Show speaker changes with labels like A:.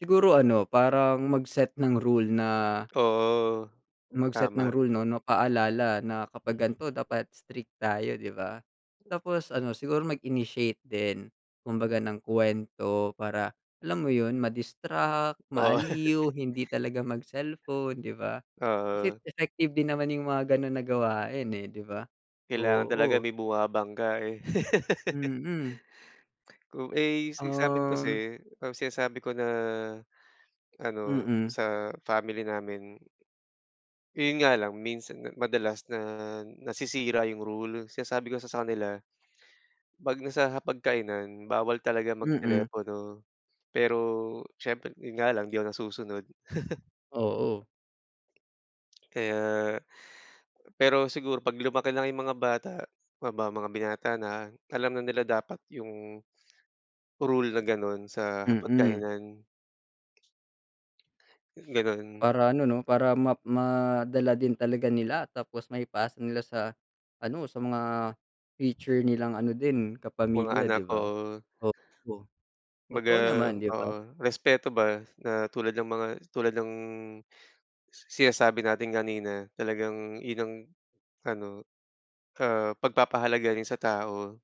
A: Siguro ano parang mag set ng rule na
B: Oo,
A: mag set ng
B: tama.
A: rule 'no no paalala na kapag gan'to dapat strict tayo di ba? Tapos ano siguro mag-initiate din, kumbaga ng kuwento para alam mo yun, ma-distract,
B: Oo.
A: ma-aliw, hindi talaga mag-cellphone 'di ba? Kasi
B: Oo.
A: effective din naman 'yung mga ganun na gawain, eh, di ba?
B: Kailangan talaga
A: Oo.
B: may bumabangga eh.
A: Mm.
B: Kung ay since samin
A: Um.
B: kasi, kapag sinasabi ko na ano,
A: Mm.
B: sa family namin yon nga lang minsan, madalas na nasisira 'yung rule, sinasabi ko kasi sa kanila, pag nasa hapag-kainan bawal talaga mag
A: Mm.
B: telepono. Pero siyempre 'yun nga lang di ako nasusunod.
A: Oo.
B: Kaya, pero siguro pag lumaki lang yung mga bata, ma mga binata na alam na nila dapat yung, rule na ganon sa
A: Mm.
B: hapag-kainan. Ganun.
A: Para ano 'no, para ma ma madala din talaga nila tapos maipasa nila sa, ano, sa mga future nilang ano din
B: Mga
A: kapamilya 'di
B: anak,
A: ba?
B: oo.
A: Oo,
B: Kumbaga
A: totoo naman 'di
B: oo
A: ba?
B: respeto ba na tulad ng mga, tulad ng sinasabi natin kanina talagang yun ang, ano, oo pag-papahalaga rin sa tao.